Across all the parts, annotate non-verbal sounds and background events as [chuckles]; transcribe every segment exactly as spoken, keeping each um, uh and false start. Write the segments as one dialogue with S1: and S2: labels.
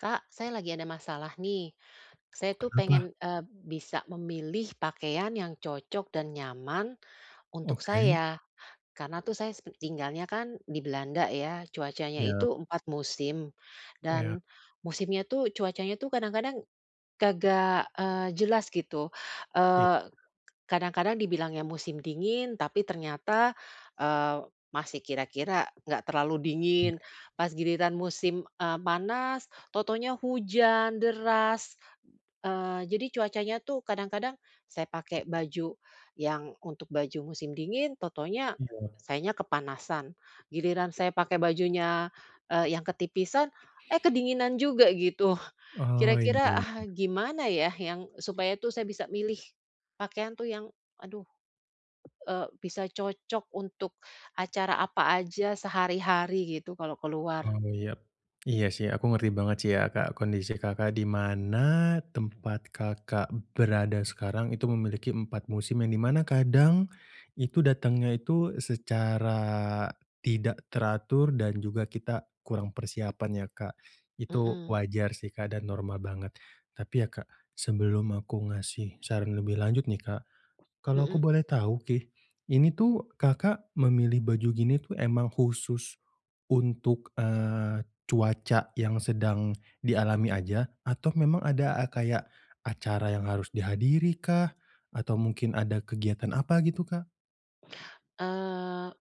S1: Kak, saya lagi ada masalah nih. Saya
S2: Oh,
S1: tuh
S2: kenapa?
S1: pengen, e bisa memilih pakaian yang cocok dan nyaman untuk
S2: Oke.
S1: saya, karena tuh saya s tinggalnya kan di Belanda ya, cuacanya
S2: Iya.
S1: itu empat musim
S2: Iya.
S1: dan musimnya tuh cuacanya tuh kadang-kadang kagak, eee, jelas gitu,
S2: Iya.
S1: eee, kadang-kadang dibilangnya musim dingin tapi ternyata, eee, masih kira-kira enggak terlalu dingin.
S2: Iya.
S1: Pas giliran musim, e panas, tahu-tahunya hujan deras, eee, jadi cuacanya tuh kadang-kadang, saya pakai baju yang untuk baju musim dingin tahu-tahunya
S2: Iya.
S1: sayanya kepanasan. Giliran saya pakai bajunya, e yang ketipisan, eh kedinginan juga gitu.
S2: Oh, iya
S1: Kira-kira, ah hah,
S2: iya.
S1: gimana ya yang supaya tuh saya bisa milih pakaian tuh yang aduh, e bisa cocok untuk acara apa aja sehari-hari gitu kalau keluar?
S2: Oh iya. Iya sih aku ngerti banget sih ya Kak, kondisi Kakak, di mana tempat Kakak berada sekarang itu memiliki empat musim, yang di mana kadang itu datangnya itu secara tidak teratur, dan juga kita kurang persiapan ya, Kak. Itu
S1: Mhm.
S2: wajar sih Kak, dan normal banget tapi ya Kak, sebelum aku ngasih saran lebih lanjut nih Kak, kalau aku
S1: Mhm.
S2: boleh tahu nih, ini tuh Kakak, memilih baju gini tuh emang khusus untuk, eee, cuaca yang sedang dialami aja? Atau memang ada a kayak acara yang harus dihadiri kah? Atau mungkin ada kegiatan apa gitu, Kak?
S1: Eee,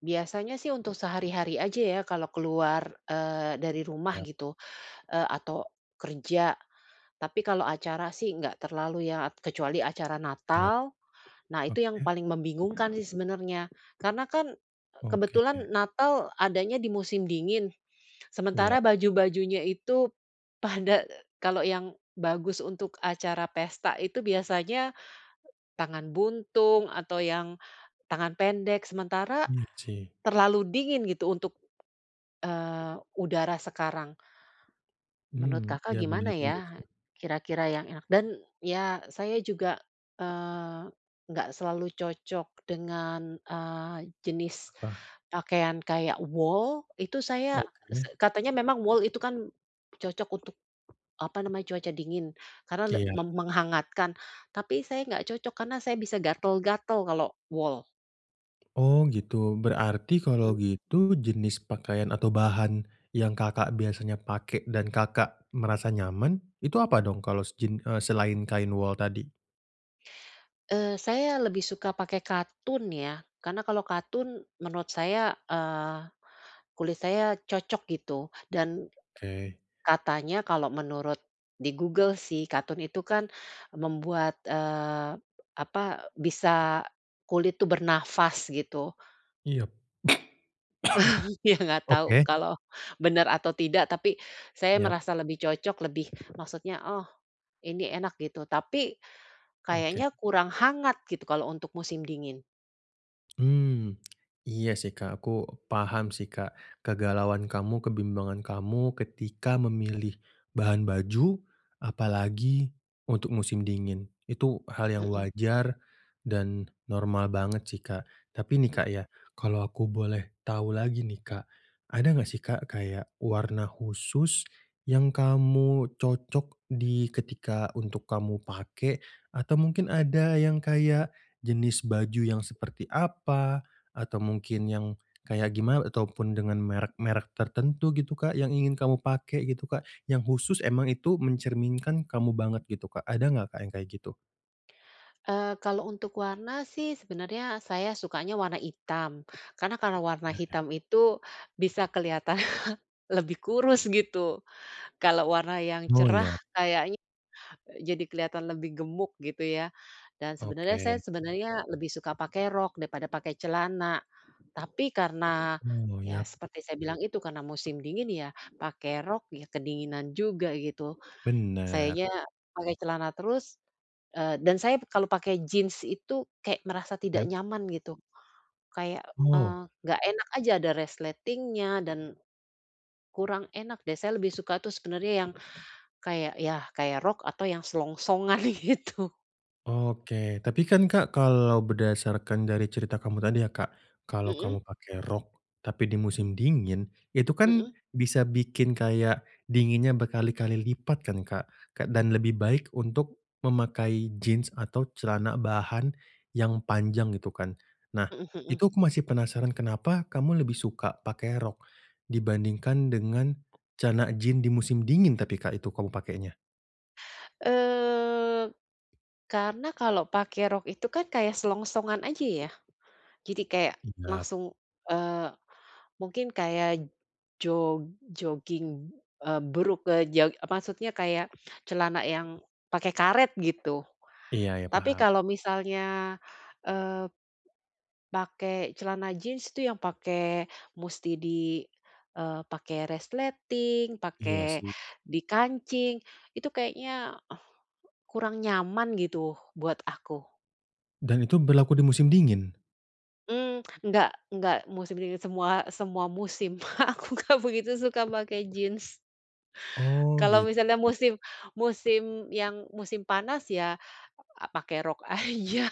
S1: biasanya sih untuk sehari-hari aja ya kalau keluar, eee, dari rumah
S2: Iya.
S1: gitu, e atau kerja. Tapi kalau acara sih enggak terlalu ya, kecuali acara
S2: Iya.
S1: Natal, nah itu yang
S2: Oke.
S1: paling membingungkan sih sebenarnya. Karena kan, e
S2: Oke.
S1: kebetulan Natal adanya di musim dingin,
S2: Iya.
S1: sementara baju-bajunya itu pada e kalau yang bagus untuk acara pesta itu biasanya, tangan buntung atau yang tangan pendek, sementara
S2: Iya sih.
S1: terlalu dingin gitu untuk, eee, udara sekarang.
S2: Hmm,
S1: Menurut Kakak,
S2: iya bener
S1: gimana
S2: juga
S1: ya
S2: sih.
S1: kira-kira yang enak? Dan ya saya juga, eee, enggak selalu cocok dengan, eee, jenis
S2: Apa?
S1: pakaian kayak wol. Itu saya se
S2: Oke.
S1: katanya memang wol itu kan cocok untuk, apa namanya, cuaca dingin karena le
S2: Iya.
S1: meng menghangatkan, tapi saya enggak cocok karena saya bisa gatal-gatal kalau wol.
S2: Oh, gitu. Berarti kalau
S1: Mhm.
S2: gitu jenis pakaian atau bahan yang Kakak biasanya pakai dan Kakak merasa nyaman itu apa dong kalos jin eee, selain kain wol tadi?
S1: Eee, saya lebih suka pakai katun ya. Karena kalau katun menurut saya, eee, kulit saya cocok gitu dan
S2: Oke.
S1: katanya kalau menurut di Google sih, katun itu kan membuat, eee, apa, bisa kulit tuh bernafas gitu.
S2: Iyap.
S1: [chuckles] Ya enggak
S2: [coughs]
S1: tahu
S2: Oke.
S1: kalau benar atau tidak, tapi saya
S2: Iyap.
S1: merasa lebih cocok, lebih maksudnya, "Oh, ini enak," gitu. Tapi,
S2: Oke.
S1: kayaknya kurang hangat gitu kalau untuk musim dingin.
S2: Mmm, iya sih, Kak, aku paham sih, Kak, kegalauan kamu, kebimbangan kamu ketika memilih bahan baju, apalagi untuk musim dingin. Itu hal yang
S1: Mhm.
S2: wajar dan normal banget sih, Kak. Tapi nih, Kak,
S1: Mhm.
S2: ya kalau aku boleh tahu lagi nih, Kak, ada nggak sih, Kak, kayak warna khusus, yang kamu cocok di ketika untuk kamu pakai, atau mungkin ada yang kayak jenis baju yang seperti apa, atau mungkin yang kayak gima ataupun dengan merek-merek tertentu gitu, Kak, yang ingin kamu pakai gitu, Kak? Yang khusus emang itu mencerminkan kamu banget gitu, Kak. Ada nggak, Kak, yang kayak gitu?
S1: Eee, kalau untuk warna sih sebenarnya saya sukanya warna hitam, karena kalau warna
S2: Mhm.
S1: hitam itu bisa kelihatan [chuckles] lebih kurus gitu. Kalau warna yang
S2: Oh,
S1: cerah
S2: iyap.
S1: kayaknya, eee, jadi kelihatan lebih gemuk gitu ya. Dan sebenarnya
S2: Oke.
S1: saya sebenarnya lebih suka pakai rok daripada pakai celana. Tapi karena
S2: Oh,
S1: ya
S2: yap.
S1: seperti saya bilang itu karena musim dingin ya, pakai rok ya kedinginan juga gitu.
S2: Bener.
S1: Sayanya pakai celana terus eee, dan saya kalau pakai jeans itu kayak merasa tidak
S2: Iyap.
S1: nyaman gitu. Kayak,
S2: Oh.
S1: eee, enggak enak aja, ada resletingnya dan kurang enak deh. Saya lebih suka tuh sebenarnya yang kayak ya, kayak rok atau yang selongsongan gitu.
S2: Oke, tapi kan, Kak, kalau berdasarkan dari cerita kamu tadi ya, Kak, kalau
S1: Mhm.
S2: kamu pakai rok tapi di musim dingin itu kan
S1: Mhm.
S2: bisa bikin kayak dinginnya berkali-kali lipat kan, Kak. Ke dan lebih baik untuk memakai jeans atau celana bahan yang panjang gitu kan. Nah,
S1: Mhm mhm.
S2: itu aku masih penasaran kenapa kamu lebih suka pakai rok dibandingkan dengan celana jeans di musim dingin tapi, Kak, itu kamu pakainya?
S1: Eee, karena kalau pakai rok itu kan kayak selongsongan aja ya. Jadi kayak
S2: Iyap.
S1: langsung eee, mungkin kayak jog jogging, eee, brukk eee, jog maksudnya kayak celana yang pakai karet gitu.
S2: Iya iya,
S1: Tapi
S2: paham.
S1: kalau misalnya, eee, pakai celana jeans itu yang pakai musti di eee, pakai resleting,
S2: Iya
S1: pakai
S2: sih.
S1: dikancing, itu kayaknya kurang nyaman gitu buat aku.
S2: Dan itu berlaku di musim dingin?
S1: Mmm, enggak enggak musim dingin semua semua musim. [chuckles] Aku gak begitu suka pakai jin.
S2: Oh,
S1: Kalau
S2: gitu.
S1: misalnya musim musim yang musim panas ya, a pakai rok aja.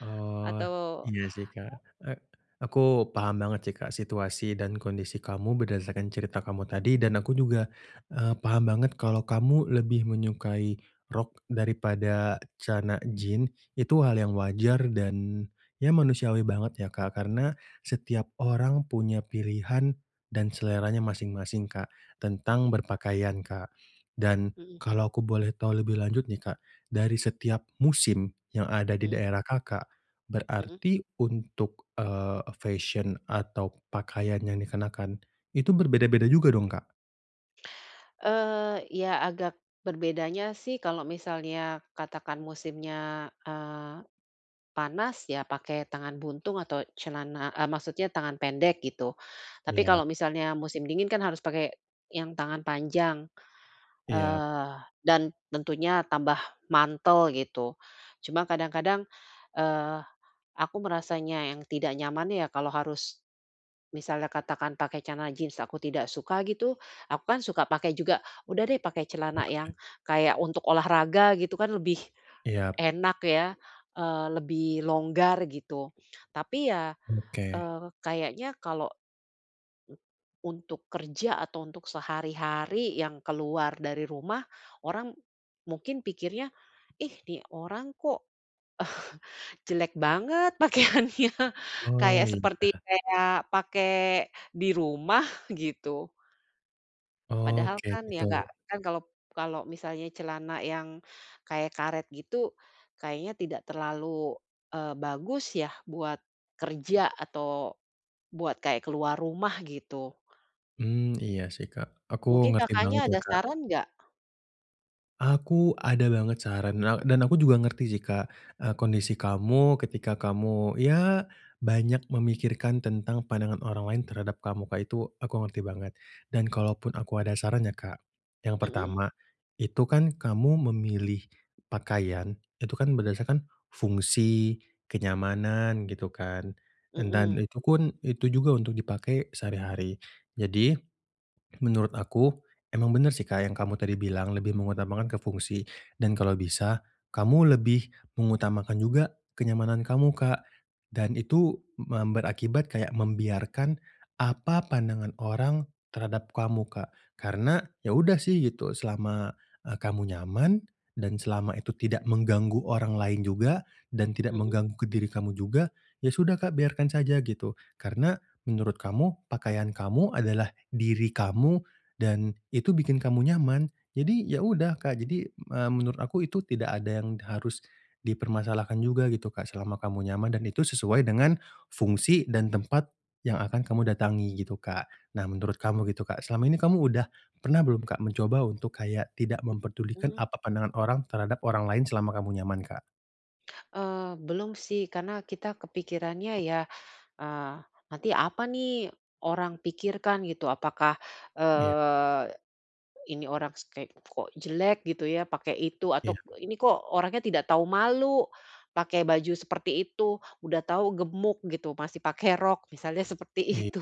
S2: Oh,
S1: Atau
S2: iya sih, Kak.
S1: a
S2: E aku paham banget sih Kak, situasi dan kondisi kamu berdasarkan cerita kamu tadi dan aku juga, eee, paham banget kalau kamu lebih menyukai rok daripada celana jin. Itu hal
S1: Hmm.
S2: yang wajar dan ya manusiawi banget ya Kak, karena setiap orang punya pilihan dan seleranya masing-masing Kak, tentang
S1: Mhm.
S2: berpakaian Kak, dan
S1: Mhm.
S2: kalau aku boleh tahu lebih lanjut nih Kak, dari setiap musim yang ada di
S1: Mhm.
S2: daerah Kakak,
S1: Mhm.
S2: berarti untuk, eee, e fesyen atau pakaian yang dikenakan, itu berbeda-beda juga dong, Kak?
S1: Eee, ya agak berbedanya sih kalau misalnya katakan musimnya, eee, panas ya pakai tangan buntung atau celana, e maksudnya tangan pendek gitu. Tapi
S2: Iya.
S1: kalau misalnya musim dingin kan harus pakai yang tangan panjang,
S2: Iya.
S1: eee, dan tentunya tambah mantel, gitu. Cuma kadang-kadang, eee, aku merasanya yang tidak nyaman ya kalau harus, misalnya katakan pakai celana jin aku tidak suka gitu. Aku kan suka pakai juga, udah deh pakai celana
S2: Oke.
S1: yang kayak untuk olahraga gitu kan lebih
S2: Iya.
S1: enak ya, eee, lebih longgar gitu, tapi ya,
S2: Oke.
S1: eee, kayaknya kalau, untuk kerja atau untuk sehari-hari yang keluar dari rumah, orang mungkin pikirnya, "Ih, nih orang kok, [chuckles] jelek banget pakaiannya,"
S2: Oh,
S1: kayak
S2: iya.
S1: seperti kayak pakai di rumah, gitu.
S2: Oh,
S1: Padahal
S2: kayak
S1: kan ya
S2: gitu.
S1: gak kan kalau kalau misalnya celana yang kayak karet gitu, kayaknya tidak terlalu, eee, bagus ya buat kerja atau buat kayak keluar rumah, gitu.
S2: Hmm, iya sih Kak, aku
S1: Mungkin
S2: ngerti banget
S1: Kakaknya
S2: ya,
S1: ada
S2: Kak.
S1: saran nggak?
S2: Aku ada banget saran na dan aku juga ngerti sih Kak, eee, kondisi kamu ketika kamu ya banyak memikirkan tentang pandangan orang lain terhadap kamu, Kak. Itu aku ngerti banget, dan kalaupun aku ada saran ya Kak, yang
S1: Mhm.
S2: pertama, itu kan kamu memilih pakaian itu kan berdasarkan fungsi, kenyamanan, gitu kan dan
S1: Mhm.
S2: itu kun itu juga untuk dipakai sehari-hari. Jadi, menurut aku emang bener sih Kak, yang kamu tadi bilang lebih mengutamakan ke fungsi, dan kalau bisa kamu lebih mengutamakan juga kenyamanan kamu Kak, dan itu mem berakibat kayak membiarkan apa pandangan orang terhadap kamu, Kak. Karena ya udah sih gitu selama, eee, kamu nyaman dan selama itu tidak mengganggu orang lain juga, dan tidak
S1: Mhm.
S2: mengganggu ke diri kamu juga, ya sudah Kak biarkan saja gitu. Karena menurut kamu, pakaian kamu adalah diri kamu, dan itu bikin kamu nyaman, jadi ya udah, Kak. Jadi, eee, menurut aku itu tidak ada yang harus dipermasalahkan juga gitu Kak, selama kamu nyaman dan itu sesuai dengan fungsi dan tempat yang akan kamu datangi gitu, Kak. Nah, menurut kamu gitu Kak, selama ini kamu udah pernah belum Kak, mencoba untuk kayak tidak memperdulikan
S1: Mmm.
S2: apa pandangan orang terhadap orang lain selama kamu nyaman, Kak?
S1: Eee, belum sih karena kita kepikirannya ya, "Eee, nanti apa nih orang pikirkan?" Gitu. Apakah,
S2: Iya.
S1: eee, "Ini orang ste kok jelek gitu ya pakai itu,"
S2: Iya.
S1: atau, "Ini kok orangnya tidak tahu malu pakai baju seperti itu. Udah tahu gemuk gitu masih pakai rok," misalnya seperti
S2: Iy
S1: itu.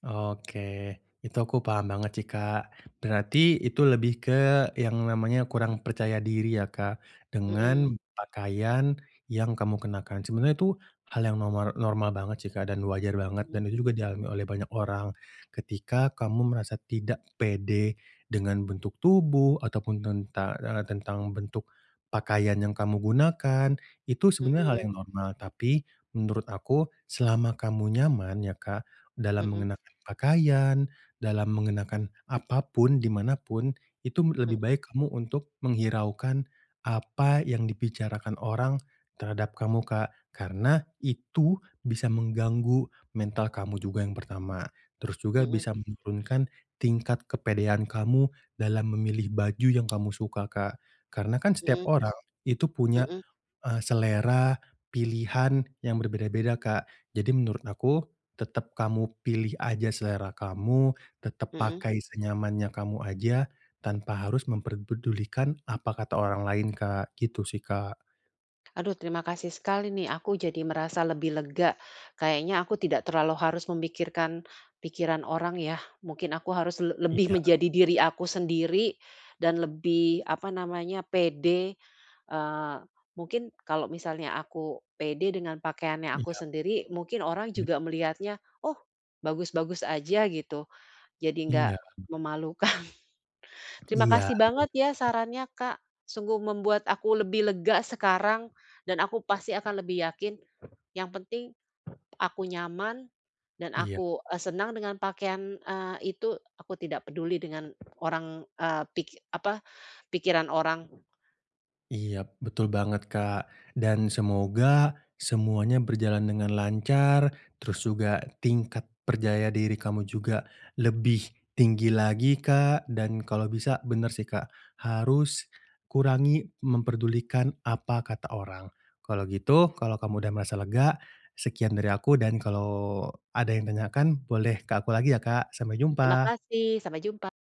S2: Oke, itu aku paham banget sih, Kak. Berarti itu lebih ke yang namanya kurang percaya diri ya, Kak, dengan
S1: Mmm.
S2: pakaian yang kamu kenakan. Sebenarnya itu hal yang nomor normal banget sih, Kak, dan wajar banget
S1: Mhm.
S2: dan itu juga dialami oleh banyak orang. Ketika kamu merasa tidak pede dengan bentuk tubuh ataupun tenta eee, tentang bentuk pakaian yang kamu gunakan, itu sebenarnya hal
S1: Mhm.
S2: yang normal. Tapi menurut aku selama kamu nyaman ya, Kak, dalam
S1: Mhm.
S2: mengenakan pakaian, dalam mengenakan apa pun di manapun itu lebih
S1: Mmm.
S2: baik kamu untuk menghiraukan apa yang dibicarakan orang terhadap kamu, Kak, karena itu bisa mengganggu mental kamu juga yang pertama. Terus juga
S1: Mhm.
S2: bisa menurunkan tingkat kepedean kamu dalam memilih baju yang kamu suka, Kak. Karena kan setiap
S1: Mhm.
S2: orang itu punya,
S1: Mhm.
S2: eee, selera pilihan yang berbeda-beda, Kak. Jadi menurut aku tetap kamu pilih aja selera kamu, tetap
S1: Mhm.
S2: pakai senyamannya kamu aja tanpa harus memper pedulikan apa kata orang lain, Kak. Gitu sih, Kak.
S1: Aduh terima kasih sekali nih, aku jadi merasa lebih lega. Kayaknya aku tidak terlalu harus memikirkan pikiran orang yah. Mungkin aku harus le lebih
S2: Iya.
S1: menjadi diri aku sendiri dan lebih, apa namanya, pede, eee, mungkin kalau misalnya aku pede dengan pakaiannya aku
S2: Iya.
S1: sendiri, mungkin orang
S2: Mmm.
S1: juga melihatnya, oh bagus-bagus aja gitu, jadi nggak
S2: Iya.
S1: memalukan. Terima
S2: Iya,
S1: kasih banget ya
S2: [unintelligible]
S1: sarannya, Kak. Sungguh membuat aku lebih lega sekarang, dan aku pasti akan lebih yakin yang penting aku nyaman dan
S2: Iya.
S1: aku, eee, senang dengan pakaian, eee, itu, aku tidak peduli dengan orang, eee, pi apa, pikiran orang.
S2: Iya betul banget, Kak dan semoga semuanya berjalan dengan lancar, terus juga tingkat perjaya diri kamu juga lebih tinggi lagi Kak, dan kalau bisa bener sih Kak, harus kurangi memperdulikan apa kata orang. Kalau gitu kalau kamu udah merasa lega, sekian dari aku dan kalau ada yang tanyakan boleh ke aku lagi ya, Kak. Sampai
S1: Terima
S2: jumpa.
S1: kasih, sampai jumpa.